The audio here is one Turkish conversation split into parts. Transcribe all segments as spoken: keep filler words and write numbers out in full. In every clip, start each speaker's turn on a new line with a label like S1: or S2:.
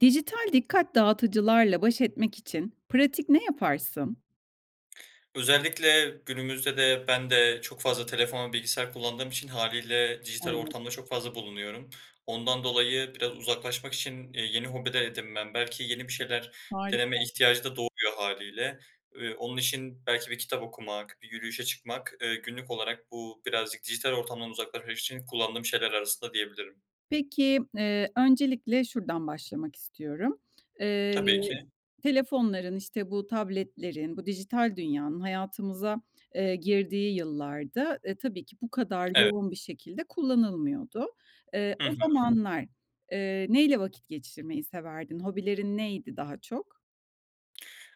S1: Dijital dikkat dağıtıcılarla baş etmek için pratik ne yaparsın?
S2: Özellikle günümüzde de ben de çok fazla telefon, bilgisayar kullandığım için hâliyle dijital
S1: Anladım.
S2: ortamda çok fazla bulunuyorum. Ondan dolayı biraz uzaklaşmak için, iii, yeni hobi de edinmem belki yeni bir şeyler
S1: Harika.
S2: deneme ihtiyacı da doğuyor hâliyle. Eee, onun için belki bir kitap okumak, bir yürüyüşe çıkmak, eee, günlük olarak bu birazcık dijital ortamdan uzaklaşmak için kullandığım şeyler arasında diyebilirim.
S1: Peki, ııı, öncelikle şuradan başlamak istiyorum. Eee,
S2: Tabii ki.
S1: telefonların işte bu tabletlerin, bu dijital dünyanın hayatımıza, eee, girdiği yıllarda tabii ki bu kadar
S2: Evet.
S1: yoğun bir şekilde kullanılmıyordu. Eee,
S2: Hı
S1: o
S2: hı.
S1: zamanlar, eee, neyle vakit geçirmeyi severdin? Hobilerin neydi daha çok?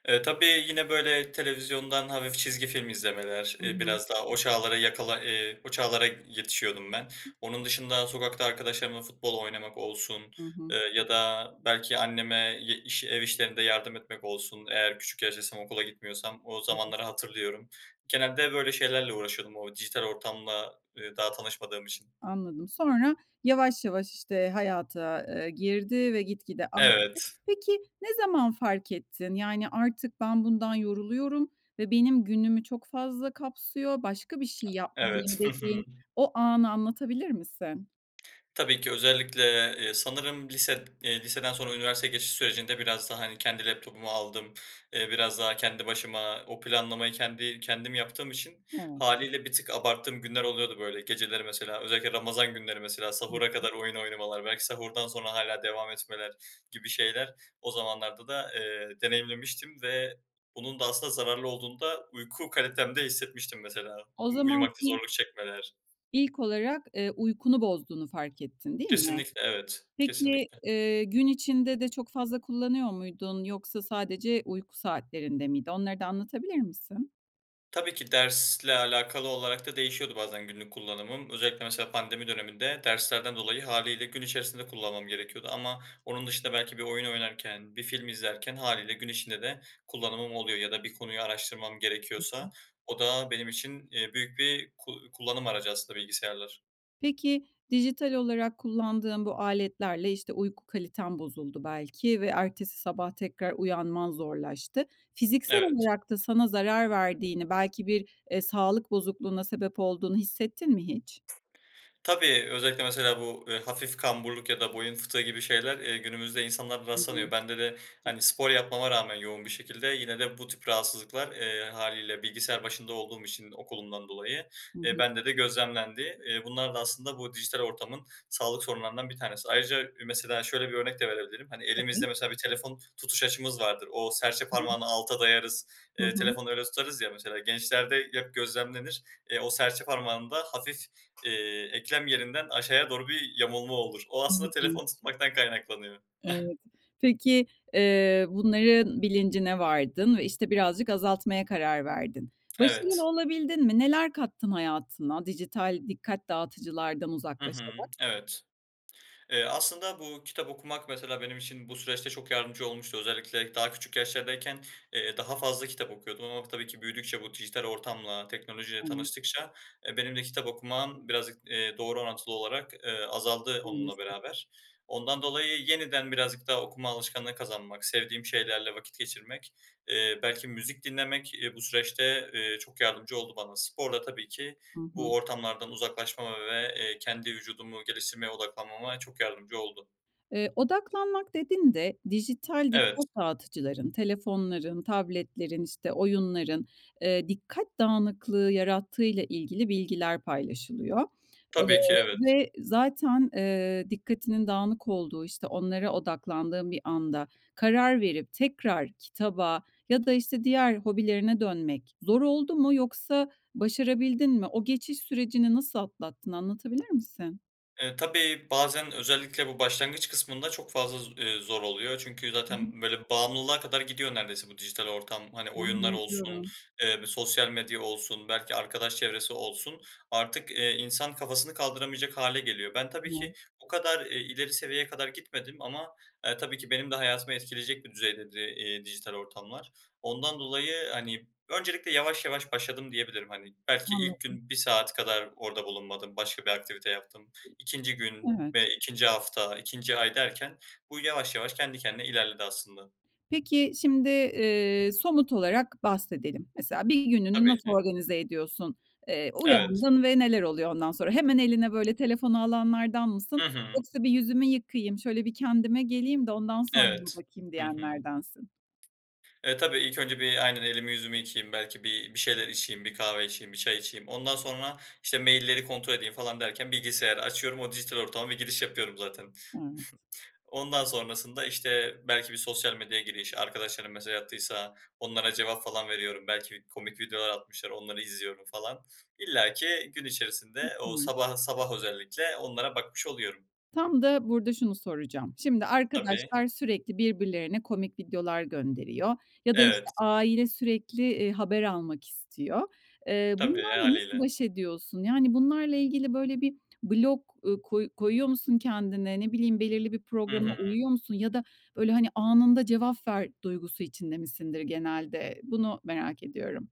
S2: Eee, tabii yine böyle televizyondan hafif çizgi film izlemeler,
S1: Hı
S2: eee,
S1: hı.
S2: biraz daha o çağlara yakala ııı, o çağlara yetişiyordum ben. Onun dışında sokakta arkadaşlarımla futbol oynamak olsun,
S1: Hı hı.
S2: eee, ya da belki anneme ye iş ev işlerinde yardım etmek olsun eğer küçük yaştaysam, okula gitmiyorsam, o
S1: Hı hı.
S2: zamanları hatırlıyorum. Genelde böyle şeylerle uğraşıyordum o dijital ortamla, eee, daha tanışmadığım için.
S1: Anladım. Sonra yavaş, yavaş işte hayata, ııı, girdi ve gitgide arttı.
S2: Evet.
S1: Peki, ne zaman fark ettin? Yani: "Artık ben bundan yoruluyorum ve benim günümü çok fazla kapsıyor, başka bir şey yapmalıyım."
S2: Evet. Hı hı.
S1: dediğin o anı anlatabilir misin?
S2: Tabii ki. Özellikle e eee, sanırım lise, eee, liseden sonra üniversiteye geçiş sürecinde biraz da, hani, kendi laptopumu aldım, eee, biraz daha kendi başıma o planlamayı kendi kendim yaptığım için
S1: Evet.
S2: hâliyle bir tık abarttığım günler oluyordu böyle. Geceleri mesela özellikle Ramazan günleri mesela
S1: Hı
S2: sahura
S1: hı.
S2: kadar oyun oynamalar, belki sahurdan sonra hâlâ devam etmeler gibi şeyler o zamanlarda da, eee, deneyimlemiştim ve bunun da aslında zararlı olduğunu da uyku kalitemde hissetmiştim mesela.
S1: O
S2: U
S1: zaman
S2: uyumakta
S1: ilk
S2: zorluk çekmeler.
S1: ilk olarak, eee, uykunu bozduğunu fark ettin, değil mi?
S2: Kesinlikle, evet.
S1: Peki,
S2: Kesinlikle.
S1: eee, gün içinde de çok fazla kullanıyor muydun yoksa sadece uyku saatlerinde miydi? Onları da anlatabilir misin?
S2: Tabii ki. Dersle alakalı olarak da değişiyordu bazen günlük kullanımım. Özellikle mesela pandemi döneminde derslerden dolayı hâliyle gün içerisinde kullanmam gerekiyordu ama onun dışında belki bir oyun oynarken, bir film izlerken hâliyle gün içinde de kullanımım oluyor. Ya da bir konuyu araştırmam
S1: Hı hı.
S2: gerekiyorsa o da benim için, eee, büyük bir ku kullanım aracı aslında bilgisayarlar.
S1: Peki dijital olarak kullandığın bu aletlerle, işte, uyku kaliten bozuldu belki ve ertesi sabah tekrar uyanman zorlaştı. Fiziksel
S2: Evet.
S1: olarak da sana zarar verdiğini, belki bir, eee, sağlık bozukluğuna sebep olduğunu hissettin mi hiç?
S2: Tabii, özellikle mesela bu, eee, hafif kamburluk ya da boyun fıtığı gibi şeyler, eee, günümüzde insanlarda rastlanıyor. Bende de, hani, spor
S1: [unintelligible]
S2: yapmama rağmen yoğun bir şekilde yine de bu tip rahatsızlıklar, eee, hâliyle bilgisayar başında olduğum için okulumdan dolayı,
S1: Hı
S2: eee,
S1: hı.
S2: bende de gözlemlendi. Eee, bunlar da aslında bu dijital ortamın sağlık sorunlarından bir tanesi. Ayrıca ü mesela şöyle bir örnek de verebilirim: Hani,
S1: Tabii.
S2: elimizde mesela bir telefon tutuş açımız vardır. O serçe
S1: [unintelligible]
S2: parmağını alta dayarız,
S1: Hı
S2: eee,
S1: hı.
S2: telefonu öyle tutarız ya mesela. Gençlerde hep gözlemlenir. Eee, o serçe parmağında hafif eee, eklem yerinden aşağıya doğru bir yamulma olur. O aslında
S1: İlginç.
S2: telefonu tutmaktan kaynaklanıyor.
S1: Evet. Peki eee, bunların bilincine vardın ve, işte, birazcık azaltmaya karar verdin. Başarılı
S2: Evet.
S1: olabildin mi? Neler kattın hayatına dijital dikkat dağıtıcılardan
S2: Hı hı,
S1: uzaklaşarak?
S2: evet. Eee, aslında bu kitap okumak mesela benim için bu süreçte çok yardımcı olmuştu. Özellikle daha küçük yaşlardayken, eee, daha fazla kitap okuyordum ama tabii ki büyüdükçe, bu dijital ortamla, teknolojiyle
S1: Tamam.
S2: tanıştıkça, e, benim de kitap okumam birazcık, eee, doğru orantılı olarak, eee, azaldı onunla
S1: [unintelligible]
S2: beraber. Ondan dolayı yeniden birazcık daha okuma alışkanlığı kazanmak, sevdiğim şeylerle vakit geçirmek, eee, belki müzik dinlemek, eee, bu süreçte, eee, çok yardımcı oldu bana. Spor da tabii ki
S1: Hı hı.
S2: bu ortamlardan uzaklaşmama ve, eee, kendi vücudumu geliştirmeye odaklanmama çok yardımcı oldu.
S1: Eee, odaklanmak dedin de dijital
S2: Evet.
S1: dikkat dağıtıcıların, telefonların, tabletlerin, işte, oyunların, eee, dikkat dağınıklığı yarattığıyla ilgili bilgiler paylaşılıyor. Eee,
S2: Tabii ki evet.
S1: ve zaten, eee, dikkatinin dağınık olduğu, işte, onlara odaklandığın bir anda karar verip tekrar kitaba ya da, işte, diğer hobilerine dönmek zor oldu mu yoksa başarabildin mi? O geçiş sürecini nasıl atlattın, anlatabilir misin?
S2: E, tabii, bazen özellikle bu başlangıç kısmında çok fazla z eee, zor oluyor çünkü
S1: Hı hı.
S2: zaten böyle bağımlılığa kadar gidiyor neredeyse bu dijital ortam. Hani, oyunlar
S1: Tahmin
S2: olsun,
S1: ediyorum.
S2: eee, bir sosyal medya olsun, belki arkadaş çevresi olsun; artık, eee, insan kafasını kaldıramayacak hâle geliyor. Ben tabii ki
S1: [unintelligible]
S2: bu kadar, eee, ileri seviyeye kadar gitmedim ama, e, tabii ki benim de hayatımı etkileyecek bir düzeydeydi, eee, dijital ortamlar. Ondan dolayı, hani, öncelikle yavaş yavaş başladım diyebilirim. Hani, belki ilk
S1: Anladım.
S2: gün bir saat kadar orada bulunmadım başka bir aktivite yaptım. ikinci gün
S1: Evet.
S2: ve ikinci hafta, ikinci ay derken bu yavaş yavaş kendi kendine ilerledi aslında.
S1: Peki, şimdi, eee, somut olarak bahsedelim. Mesela bir gününü
S2: Tabii
S1: nasıl
S2: ki.
S1: organize ediyorsun? Eee,
S2: Evet.
S1: uyandın ve neler oluyor ondan sonra? Hemen eline böyle telefonu alanlardan
S2: Hı
S1: mısın?
S2: hı.
S1: Yoksa bir yüzümü yıkayayım, şöyle bir kendime geleyim de ondan sonra bir
S2: Evet.
S1: bakayım
S2: Hı hı.
S1: diyenlerdensin.
S2: E, tabii ilk önce bir aynen elimi, yüzümü yıkayayım belki bir bir şeyler içeyim, bir kahve içeyim, bir çay içeyim. Ondan sonra, işte, mail'leri kontrol edeyim falan derken bilgisayarı açıyorum, o dijital ortama bir giriş yapıyorum zaten.
S1: Evet.
S2: Ondan sonrasında, işte, belki bir sosyal medyaya giriş, arkadaşlarım mesaj attıysa onlara cevap falan veriyorum. Belki bir komik videolar atmışlar, onları izliyorum falan. İllaki gün içerisinde o
S1: Süper.
S2: sabah sabah özellikle onlara bakmış oluyorum.
S1: Tam da burada şunu soracağım: Şimdi,
S2: Tabii.
S1: arkadaşlar sürekli birbirlerine komik videolar gönderiyor ya da, işte,
S2: Evet.
S1: aile sürekli, eee, haber almak istiyor. Eee,
S2: Tabii. E,
S1: bunlarla nasıl
S2: hâliyle.
S1: baş ediyorsun? Yani bunlarla ilgili, böyle, bir blok, ııı, koy koyuyor musun kendine? Ne bileyim, belirli bir
S2: Hı
S1: programa
S2: hı.
S1: uyuyor musun ya da, böyle, hani, "Anında cevap ver." duygusu içinde misindir genelde? Bunu merak ediyorum.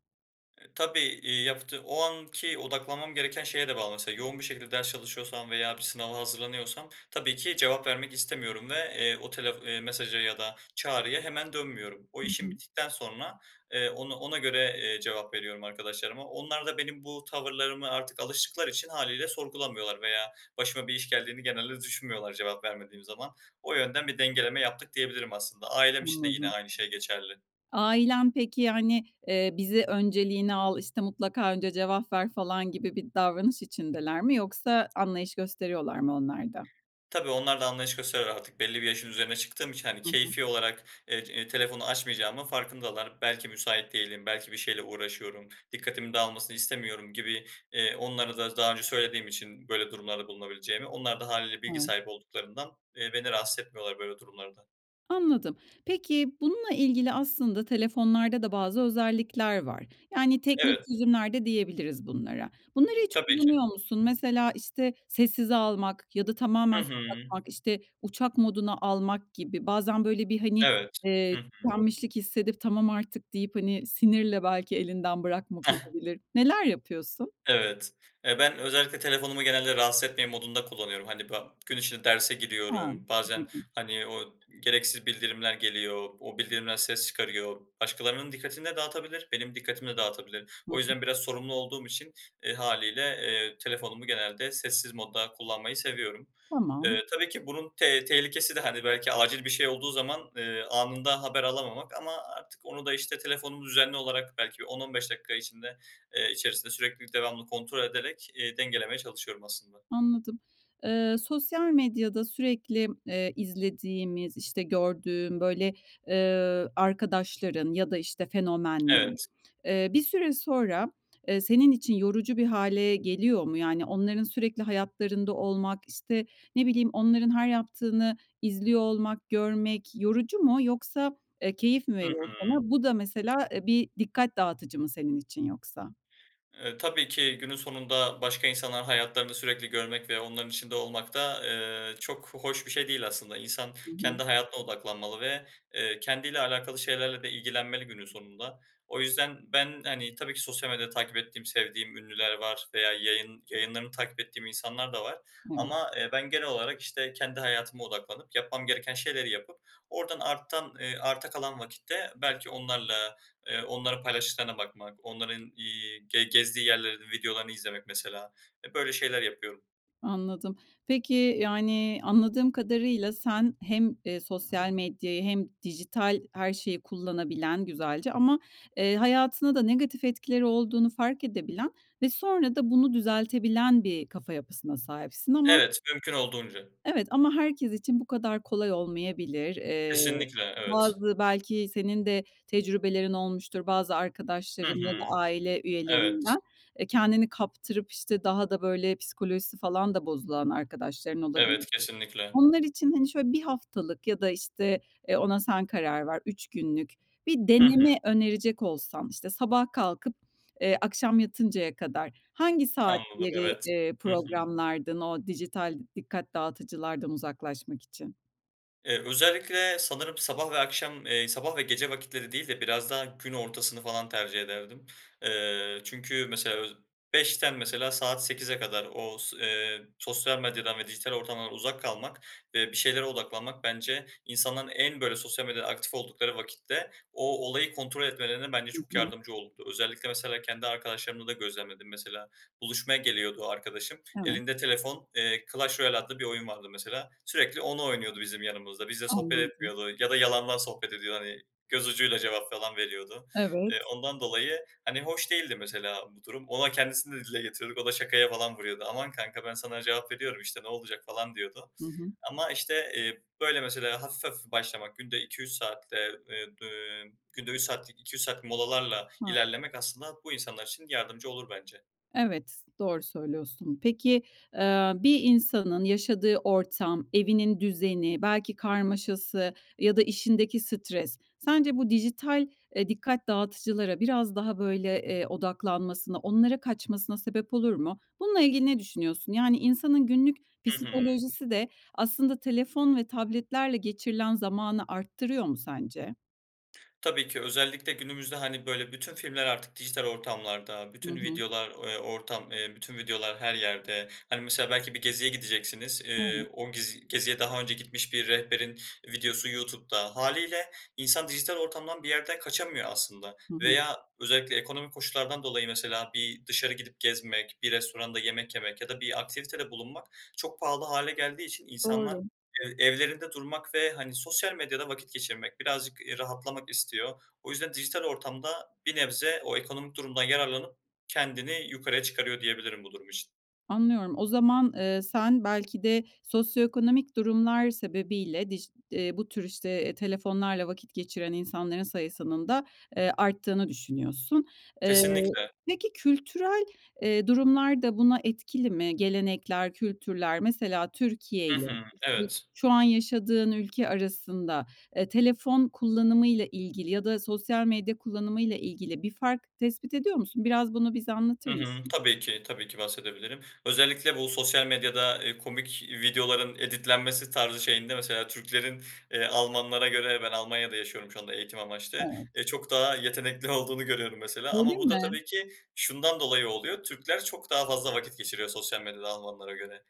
S2: E, tabii. İii, yaptığ o anki odaklanmam gereken şeye de bağlı. Mesela, yoğun bir şekilde ders çalışıyorsam veya bir sınava hazırlanıyorsam tabii ki cevap vermek istemiyorum ve, eee, o telef iii, mesaja ya da çağrıya hemen dönmüyorum. O
S1: Hı
S2: işim
S1: hı.
S2: bittikten sonra, eee, onu ona göre, eee, cevap veriyorum arkadaşlarıma. Onlar da benim bu tavırlarıma artık alıştıkları için hâliyle sorgulamıyorlar veya başıma bir iş geldiğini genelde düşünmüyorlar cevap vermediğim zaman. O yönden bir dengeleme yaptık diyebilirim aslında. Ailem için de yine
S1: Anladım.
S2: aynı şey geçerli.
S1: Ailen peki, yani, eee, "Bizi önceliğine al. İşte, mutlaka önce cevap ver." falan gibi bir davranış içindeler mi yoksa anlayış gösteriyorlar mı onlar da?
S2: Tabii, onlar da anlayış gösteriyorlar artık, belli bir yaşın üzerine çıktığım için. Hani,
S1: Hı hı.
S2: keyfi olarak, eee, eee, telefonu açmayacağımın farkındalar. Belki müsait değilim, belki bir şeyle uğraşıyorum, dikkatimin dağılmasını istemiyorum gibi. Eee, onlara da daha önce söylediğim için böyle durumlarda bulunabileceğimi, onlar da hâliyle bilgi
S1: Evet.
S2: sahibi olduklarından, eee, beni rahatsız etmiyorlar, böyle durumlarda.
S1: Anladım. Peki, bununla ilgili aslında telefonlarda da bazı özellikler var. Yani, teknik
S2: Evet.
S1: çözümler de diyebiliriz bunlara. Bunları hiç
S2: Tabii
S1: kullanıyor
S2: ki.
S1: musun? Mesela, işte, sessize almak ya da
S2: Hı
S1: tamamen
S2: hı.
S1: kapatmak, işte, uçak moduna almak gibi. Bazen, böyle, bir, hani,
S2: Evet.
S1: eee,
S2: Hı hı.
S1: tükenmişlik hissedip, tamam artık deyip, hani, sinirle belki elinden bırakmak olabilir. Neler yapıyorsun?
S2: Evet. E, ben özellikle telefonumu genelde, ”Rahatsız etmeyin” modunda kullanıyorum. Hani, ba gün içinde derse
S1: Hıı.
S2: giriyorum, bazen,
S1: Anladım.
S2: hani, o gereksiz bildirimler geliyor, o bildirimler ses çıkarıyor. Başkalarının dikkatini de dağıtabilir, benim dikkatimi de dağıtabilir.
S1: Hı
S2: O
S1: hı.
S2: yüzden biraz sorumlu olduğum için e, hâliyle, eee, telefonumu genelde sessiz modda kullanmayı seviyorum.
S1: Tamam.
S2: E, tabii ki bunun te tehlikesi de, hani, belki acil bir şey olduğu zaman, ııı, anında haber alamamak ama artık onu da, işte, telefonumu düzenli olarak belki bir on on beş dakika, eee, içinde içerisinde sürekli devamlı kontrol ederek, eee, dengelemeye çalışıyorum aslında.
S1: Anladım. Eee, sosyal medyada sürekli, eee, izlediğimiz, işte, gördüğün, böyle, eee, arkadaşların ya da, işte, fenomen.
S2: Evet.
S1: Eee, bir süre sonra, eee, senin için yorucu bir hâle geliyor mu? Yani, onların sürekli hayatlarında olmak, işte, ne bileyim, onların her yaptığını izliyor olmak, görmek yorucu mu yoksa, eee, keyif mi
S2: Hı
S1: veriyor
S2: hı.
S1: sana? Bu da, mesela, bir dikkat dağıtıcı mı senin için yoksa?
S2: E, tabii ki günün sonunda, başka insanların hayatlarını sürekli görmek ve onların içinde olmak da, ııı, çok hoş bir şey değil, aslında. İnsan
S1: Hı hı.
S2: kendi hayatına odaklanmalı ve, eee, kendiyle alakalı şeylerle de ilgilenmeli günün sonunda. O yüzden ben, hani, tabii ki, sosyal medyada takip ettiğim sevdiğim ünlüler var veya yayın yayınlarını takip ettiğim insanlar da var
S1: Evet.
S2: ama, eee, ben genel olarak, işte, kendi hayatıma odaklanıp yapmam gereken şeyleri yapıp oradan artan eee, arta kalan vakitte belki onlarla, eee, onların paylaştıklarına bakmak, onların, iii, ge gezdiği yerlerin videolarını izlemek, mesela. E, böyle şeyler yapıyorum.
S1: Anladım. Peki, yani anladığım kadarıyla sen hem, ııı, sosyal medyayı hem dijital her şeyi kullanabilen güzelce ama, eee, hayatına da negatif etkileri olduğunu fark edebilen ve sonra da bunu düzeltebilen bir kafa yapısına sahipsin ama
S2: Evet, mümkün olduğunca.
S1: Evet ama herkes için bu kadar kolay olmayabilir. Eee
S2: Kesinlikle, evet.
S1: bazı belki senin de tecrübelerin olmuştur bazı
S2: Hı
S1: arkadaşların ya da
S2: hı.
S1: aile
S2: Evet.
S1: üyelerinden. Eee, kendini kaptırıp, işte, daha da böyle psikolojisi falan da bozulan arkadaşların olabil
S2: Evet, kesinlikle.
S1: Onlar için hani şöyle bir haftalık ya da, işte, eee, ona sen karar ver, üç günlük bir
S2: Hı hı.
S1: deneme önerecek olsan, işte, sabah kalkıp, ııı, akşam yatıncaya kadar... Hangi
S2: Anladım
S1: saatleri,
S2: evet.
S1: eee,
S2: Hı hı.
S1: programlardın o dijital dikkat dağıtıcılardan uzaklaşmak için?
S2: Eee, özellikle sanırım sabah ve akşam, eee, sabah ve gece vakitleri değil de biraz daha gün ortasını falan tercih ederdim. Eee, çünkü mesela ö beş'ten mesela saat sekize kadar o s eee, sosyal medyadan ve dijital ortamdan uzak kalmak ve bir şeylere odaklanmak bence insanların en, böyle, sosyal medyada aktif oldukları vakitte o olayı kontrol etmelerine bence
S1: Hı
S2: çok
S1: hı.
S2: yardımcı olurdu. Özellikle, mesela kendi arkadaşlarımda da gözlemledim. Mesela buluşmaya geliyordu arkadaşım
S1: Evet.
S2: elinde telefon, eee, "Clash Royale" adlı bir oyun vardı mesela sürekli onu oynuyordu bizim yanımızda, bizimle sohbet
S1: Anladım.
S2: etmiyordu ya da yalandan sohbet ediyor hani göz ucuyla cevap falan veriyordu.
S1: Evet.
S2: Eee, ondan dolayı, hani, hoş değildi mesela bu durum, ona, kendisine de dile getiriyorduk o da şakaya falan vuruyordu. "Aman kanka ben sana cevap veriyorum işte ne olacak?" falan diyordu
S1: Hı hı.
S2: ama, işte, iii, böyle, mesela hafif, hafif başlamak günde iki üç saatte, eee, d emm, günde üç saatlik, iki üç saat molalarla
S1: [unintelligible]
S2: ilerlemek aslında bu insanlar için yardımcı olur bence.
S1: Evet, doğru söylüyorsun. Peki, aaa, bir insanın yaşadığı ortam, evinin düzeni, belki karmaşası ya da işindeki stres, sence bu dijital, eee, dikkat dağıtıcılara biraz daha böyle, eee, odaklanmasına, onlara kaçmasına sebep olur mu? Bununla ilgili ne düşünüyorsun? Yani insanın günlük
S2: Hı hı.
S1: psikolojisi de aslında telefon ve tabletlerle geçirilen zamanı arttırıyor mu sence?
S2: Tabii ki özellikle günümüzde, hani, böyle, bütün filmler artık dijital ortamlarda,
S1: Hı
S2: bütün
S1: hı.
S2: videolar, eee, ortam, eee, bütün videolar her yerde. Hani, mesela belki bir geziye gideceksiniz,
S1: Evet.
S2: eee, o gezi geziye daha önce gitmiş bir rehberin videosu YouTube'da. Hâliyle insan dijital ortamdan bir yerde kaçamıyor aslında
S1: Hı hı.
S2: veya özellikle ekonomik koşullardan dolayı mesela bir dışarı gidip gezmek, bir restoranda yemek yemek ya da bir aktivitede bulunmak çok pahalı hâle geldiği için insanlar
S1: Doğru.
S2: ev evlerinde durmak ve, hani, sosyal medyada vakit geçirmek, birazcık, eee, rahatlamak istiyor. O yüzden dijital ortamda bir nebze o ekonomik durumdan yararlanıp kendini yukarıya çıkarıyor diyebilirim bu durum için.
S1: Anlıyorum. O zaman, eee, sen belki de sosyoekonomik durumlar sebebiyle dij eee, bu tür işte, eee, telefonlarla vakit geçiren insanların sayısının da, eee, arttığını düşünüyorsun. Eee,
S2: Kesinlikle.
S1: peki, kültürel, eee, durumlar da buna etkili mi? Gelenekler, kültürler mesela
S2: Hı
S1: Türkiye'yle,
S2: hı.
S1: işte,
S2: Evet.
S1: şu an yaşadığın ülke arasında, eee, telefon kullanımıyla ilgili ya da sosyal medya kullanımıyla ilgili bir fark tespit ediyor musun? Biraz bunu bize
S2: Hı
S1: anlatır
S2: hı.
S1: mısın?
S2: Tabii ki, tabii ki bahsedebilirim. Özellikle bu sosyal medyada, eee, komik videoların editlenmesi tarzı şeyinde mesela Türklerin, eee, Almanlara göre, ben Almanya'da yaşıyorum şu anda eğitim amaçlı,
S1: Evet.
S2: eee, çok daha yetenekli olduğunu görüyorum mesela.
S1: Öyle
S2: Ama bu da
S1: mi?
S2: tabii ki şundan dolayı oluyor, Türkler çok daha fazla vakit geçiriyor sosyal medyada Almanlara göre.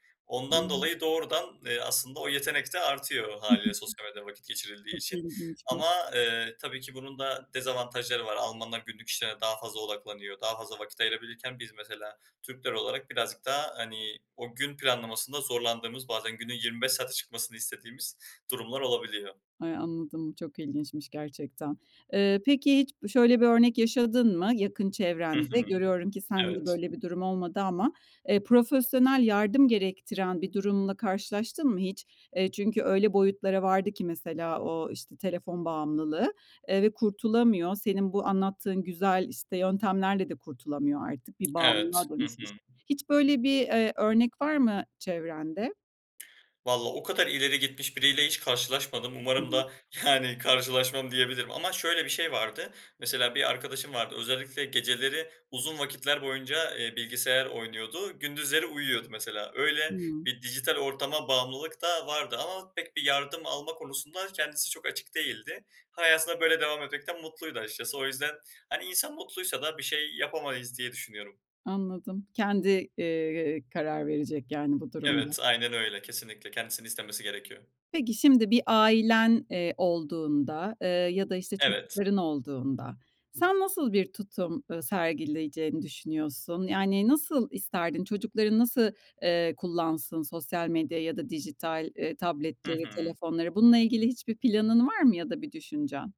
S1: Hıı.
S2: Ondan dolayı doğrudan, eee, aslında o yetenek de artıyor hâliyle sosyal medyada vakit geçirildiği
S1: Çok
S2: için
S1: ilginçmiş.
S2: ama, eee, tabii ki bunun da dezavantajları var. Almanlar günlük işlerine daha fazla odaklanıyor. Daha fazla vakit ayırabilirken biz mesela Türkler olarak birazcık daha, hani, o gün planlamasında zorlandığımız, bazen günün yirmi beş saate çıkmasını istediğimiz durumlar olabiliyor.
S1: Ay anladım, çok ilginçmiş gerçekten. Eee, peki hiç şöyle bir örnek yaşadın mı yakın
S2: Hı
S1: çevrende?
S2: hı.
S1: Görüyorum ki sen de
S2: Evet.
S1: böyle bir durum olmadı ama, eee, profesyonel yardım gerektiren bir durumla karşılaştın mı hiç? Eee, çünkü öyle boyutlara vardı ki mesela o, işte, telefon bağımlılığı, eee, ve kurtulamıyor. Senin bu anlattığın güzel, işte, yöntemlerle de kurtulamıyor artık, bir
S2: Evet.
S1: bağımlılığa
S2: Hı
S1: dönüşmiş.
S2: hı.
S1: Hiç böyle bir, eee, örnek var mı çevrende?
S2: Valla, o kadar ileri gitmiş biriyle hiç karşılaşmadım.
S1: Hı
S2: Umarım
S1: hı.
S2: da yani karşılaşmam, diyebilirim ama şöyle bir şey vardı. Mesela bir arkadaşım vardı. Özellikle geceleri uzun vakitler boyunca, eee, bilgisayar oynuyordu. Gündüzleri uyuyordu mesela. Öyle
S1: Hıı.
S2: bir dijital ortama bağımlılık da vardı ama pek bir yardım alma konusunda kendisi çok açık değildi. Hayatına böyle devam ederek mutluydu açıkçası. O yüzden hani insan mutluysa da bir şey yapamayız diye düşünüyorum.
S1: Anladım. Kendi, eee, karar verecek, yani bu durumda.
S2: Evet, aynen öyle, kesinlikle. Kendisini istemesi gerekiyor.
S1: Peki, şimdi bir ailen, eee, olduğunda, eee, ya da işte
S2: Evet.
S1: çocukların olduğunda; sen nasıl bir tutum, eee, sergileyeceğini düşünüyorsun, yani nasıl isterdin; çocukların nasıl, eee, kullansın sosyal medyayı da dijital, eee,
S2: Hı
S1: tabletleri,
S2: hı.
S1: telefonları? Bununla ilgili hiçbir planın var mı ya da bir düşüncen?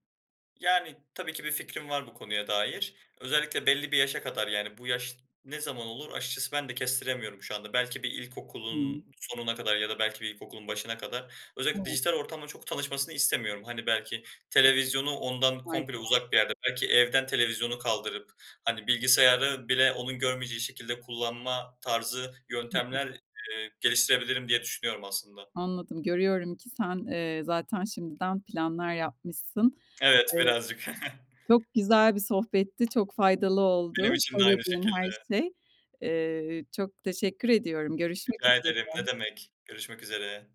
S2: Yani, tabii ki bir fikrim var bu konuya dair. Özellikle belli bir yaşa kadar, yani, bu yaş ne zaman olur açıkçası ben de kestiremiyorum şu anda. Belki bir ilkokulun
S1: Hıı.
S2: sonuna kadar ya da belki bir ilkokulun başına kadar. Özellikle
S1: Evet.
S2: dijital ortamla çok tanışmasını istemiyorum. Hani, belki televizyonu ondan komple
S1: Harika.
S2: uzak bir yerde, belki evden televizyonu kaldırıp, hani, bilgisayarı bile onun görmeyeceği şekilde kullanma tarzı
S1: Hı hı.
S2: yöntemler, eee, geliştirebilirim diye düşünüyorum aslında.
S1: Anladım, görüyorum ki sen, eee, zaten şimdiden planlar yapmışsın.
S2: Evet,
S1: Eee,
S2: birazcık.
S1: çok güzel bir sohbetti, çok faydalı
S2: Benim
S1: oldu
S2: için de aynı
S1: söylediğin her
S2: şekilde.
S1: şey. Eee, çok teşekkür ediyorum, görüşmek
S2: Rica ederim, ne
S1: üzere.
S2: demek. Görüşmek üzere.